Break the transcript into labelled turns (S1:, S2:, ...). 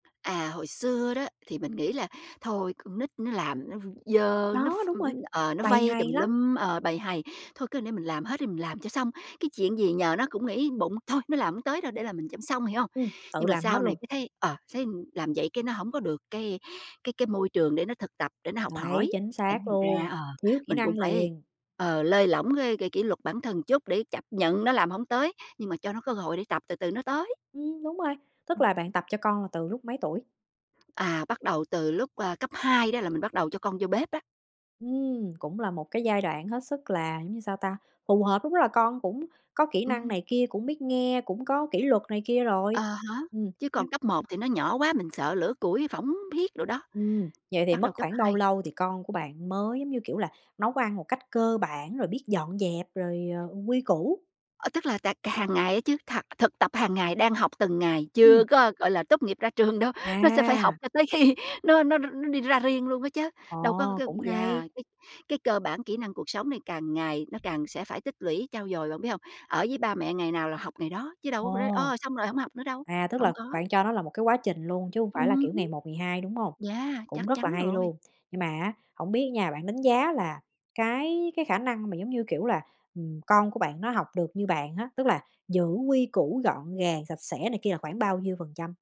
S1: À, hồi xưa đó, thì mình nghĩ là thôi con nít nó làm nó v dơ, nó
S2: Đó,
S1: ph
S2: đúng rồi,
S1: ờ, nó
S2: bầy
S1: vây
S2: hầy
S1: tùm
S2: lắm.
S1: lum, ờ, bầy hầy. Thôi cứ để mình làm hết đi, mình làm cho xong. Cái chuyện gì nhờ nó cũng nghĩ bụng "Thôi, nó làm hông tới đâu để làm mình cho xong", hiểu hông?
S2: Ừm, tự
S1: Nhưng mà
S2: làm
S1: sau
S2: hết
S1: này
S2: luôn.
S1: cái thấy, ờ, thấy làm vậy cái nó hổng có được cái cái cái môi trường để nó thực tập, để nó học
S2: Đấy,
S1: hỏi.
S2: chính
S1: Thành
S2: xác
S1: ra
S2: luôn,
S1: ờ,
S2: thiếu kỹ
S1: mình cũng
S2: năng
S1: phải,
S2: liền.
S1: ờ, lơi lỏng cái cái kỷ luật bản thân một chút để chấp nhận nó làm hổng tới, nhưng mà cho nó cơ hội để tập từ từ nó tới.
S2: Ừm, đúng rồi, tức
S1: Ừm.
S2: là bạn tập cho con là từ lúc mấy tuổi?
S1: À, bắt đầu từ lúc, ờ, cấp 2 đó là mình bắt đầu cho con vô bếp đó.
S2: Ừm, cũng là một cái giai đoạn hết sức là giống như sao ta, phù hợp. Đúng là con cũng có kỹ năng
S1: Ừm.
S2: này kia, cũng biết nghe, cũng có kỷ luật này kia rồi.
S1: Ờ ha,
S2: Ừm
S1: chứ còn
S2: nhưng
S1: cấp 1 thì nó nhỏ quá, mình sợ lửa củi phỏng phiết đồ đó.
S2: Ừm, vậy thì
S1: Bắt
S2: mất
S1: đầu cấp
S2: khoảng bao
S1: 2
S2: lâu thì con của bạn mới, giống như, kiểu là, nấu ăn một cách cơ bản, rồi biết dọn dẹp, rồi, ờ, quy củ.
S1: Ờ, tức là tà c hàng ngày á chứ, thạc thực tập hàng ngày, đang học từng ngày, chưa
S2: Ừm.
S1: có, gọi là, tốt nghiệp ra trường đâu, nó sẽ phải học
S2: À.
S1: cho tới khi nó nó r nó đi ra riêng luôn á chớ. Đâu có c
S2: Ồ,
S1: cái
S2: cũng hay!
S1: yeah, cái cái cơ bản kỹ năng cuộc sống này càng ngày nó càng sẽ phải tích lũy, trau dồi, bạn biết hông? Ở với ba mẹ ngày nào là học ngày đó, chứ đâu có rồi,
S2: Ồ!
S1: ơ, xong rồi hổng học nữa đâu,
S2: À, tức
S1: hổng
S2: là
S1: có.
S2: bạn cho nó là một cái quá trình luôn chứ hông phải là,
S1: Ừm
S2: kiểu,
S1: hứm.
S2: ngày một ngày hai, đúng hông?
S1: Yeah,
S2: Cũng
S1: chắc
S2: rất là
S1: chắn
S2: hay
S1: rồi.
S2: luôn. Nhưng mà á hổng biết á nha, bạn đánh giá là cái cái khả năng mà giống như, kiểu là, ừ, con của bạn nó học được như bạn á, tức là giữ quy củ gọn gàng, sạch sẽ này kia là khoảng bao nhiêu phần trăm?